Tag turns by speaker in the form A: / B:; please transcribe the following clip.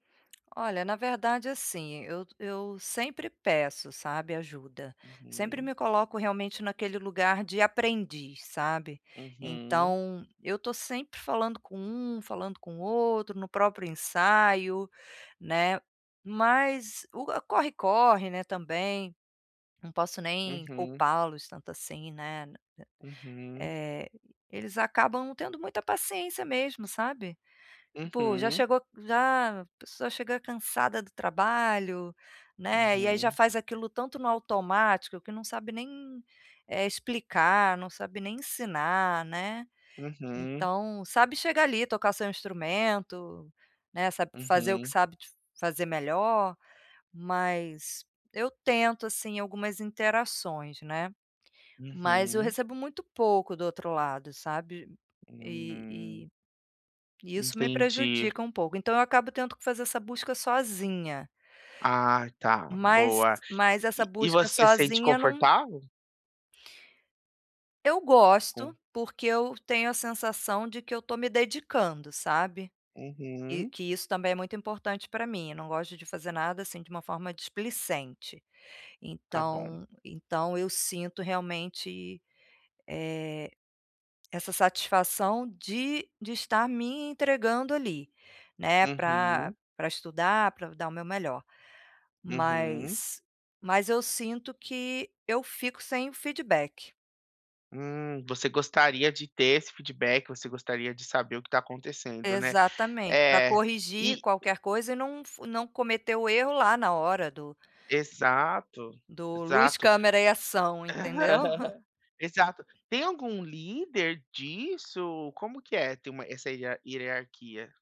A: Olha, na verdade assim, eu eu sempre peço, sabe, ajuda. Sempre
B: Uhum.
A: me coloco realmente naquele lugar de aprendiz, sabe.
B: Uhum.
A: Então, eu tô sempre falando com um, falando com outro, no próprio ensaio, né. Mas o corre-corre, né, também, não posso nem
B: Uhum.
A: culpar-los tanto assim, né.
B: Uhum.
A: Eh, eh, eles acabam não tendo muita paciência mesmo, sabe. Pô, já
B: Uhum.
A: chegou já a pessoa chega cansada do trabalho, né. E aí, já
B: Uhum.
A: faz aquilo tanto no automático que não sabe nem, eh, explicar, não sabe nem ensinar, né.
B: Uhum.
A: Então, sabe, chegar ali, tocar seu instrumento, né, sabe, fazer o que
B: Uhum.
A: sabe de fazer melhor, mas eu tento, assim, algumas interações, né. Mas eu
B: Uhum.
A: recebo muito pouco do outro lado, sabe? E
B: Hum.
A: e e isso me
B: Entendi.
A: prejudica um pouco, então, eu acabo tendo que fazer essa busca sozinha.
B: Ah, tá.
A: Mas,
B: Boa.
A: mas essa
B: E e
A: busca
B: você sente
A: sozinha num
B: confortável?
A: Eu
B: Com
A: gosto, porque eu tenho a sensação de que eu tô me dedicando, sabe? E
B: Uhum.
A: que isso também é muito importante pra mim, eu não gosto de fazer nada, assim, de uma forma displicente.
B: Ta bom.
A: Então, então eu sinto realmente, eh, essa satisfação de de estar me entregando ali, né, pra
B: Uhum.
A: pra estudar, pra dar o meu melhor.
B: Uhum.
A: Mas mas eu sinto que eu fico sem feedback.
B: Hum. Você gostaria de ter esse feedback. Você gostaria de saber o que tá acontecendo né.
A: Exatamente, pra
B: É.
A: corrigir
B: E
A: qualquer coisa e não fu não cometer o erro lá, na hora do
B: Exato.
A: do luz
B: Exato.
A: câmera e ação, entendeu?
B: Exato. Tem algum líder disso? Como que é? Ter uma essa ia hierarquia?